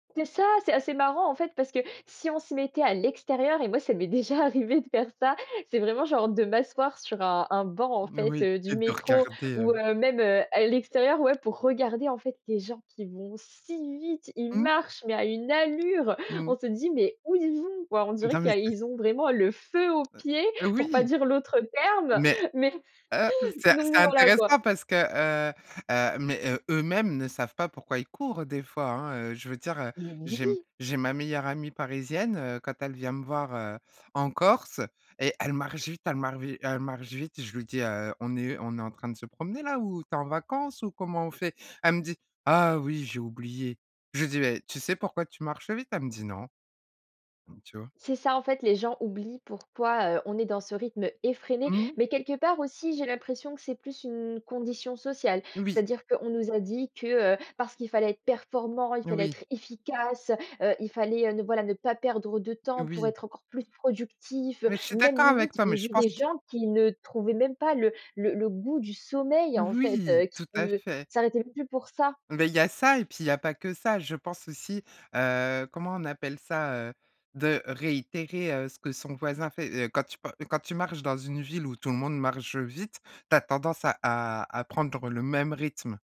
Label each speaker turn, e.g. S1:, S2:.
S1: C'est ça, c'est assez marrant en fait parce que, si on se mettait à l'extérieur, et moi ça m'est déjà arrivé de faire ça. C'est vraiment genre de m'asseoir sur un un banc en fait,
S2: Oui
S1: heu, du
S2: et de
S1: métro.
S2: regarder heu.
S1: Ou, heu, même, heu, à l'extérieur. Ouais pour regarder en fait des gens qui vont si vite, ils
S2: Mmh.
S1: marchent mais à une allure.
S2: Mmh.
S1: On se dit mais où ils vont quoi? On dirait
S2: Non
S1: qui
S2: mais
S1: a
S2: c'est
S1: ils ont vraiment le feu aux pieds, pour pas
S2: Oui.
S1: dire l'autre terme,
S2: Mais
S1: mais
S2: heu, c'est
S1: donc
S2: c'est
S1: voilà quoi.
S2: intéressant parce que, heu, heu, mais, heu, eux-mêmes ne savent pas pourquoi ils courent des fois, hein. Je veux dire, heu,
S1: Mais
S2: j'ai m
S1: oui.
S2: j'ai ma meilleure amie parisienne, heu, quand elle vient me voir, heu, en Corse. Et elle marche vite, elle marche vite, elle marche vite. Je lui dis: «Heu, on est on est en train de se promener là, ou tu es en vacances, ou comment on fait?» elle me dit: «Ah oui, j'ai oublié», je lui dis: «Mais tu sais pourquoi tu marches vite?» elle me dit: «Non», donc tu vois?
S1: C'est ça en fait, les gens oublient pourquoi, heu, on est dans ce rythme effréné.
S2: Mmh.
S1: Mais quelque part aussi, j'ai l'impression que c'est plus une condition sociale.
S2: Oui.
S1: C'est-à-dire qu'on nous a dit que, heu, parce qu'il fallait être performant, il fallait
S2: Oui.
S1: être efficace, heu. Heu, il fallait, heu, ne voilà ne pas perdre de temps, pour
S2: Oui.
S1: être encore plus productif. Heu,
S2: Mais je suis
S1: même
S2: d'accord
S1: limite,
S2: avec toi,
S1: j'ai
S2: mais je
S1: vu
S2: pense
S1: des
S2: qu
S1: gens qui ne trouvaient même pas le le le goût du sommeil, en fait,
S2: Oui
S1: heu. Qui
S2: tout à
S1: ne
S2: fait.
S1: s'arrêtaient même plus pour ça.
S2: Mais il y a ça et puis il y pas que ça, je pense aussi, heu, comment on appelle ça, heu, de réitérer, heu, ce que son voisin fait, heu. Quand tu pa quand tu marches dans une ville où tout le monde marche vite, tu as tendance à à prendre le même rythme.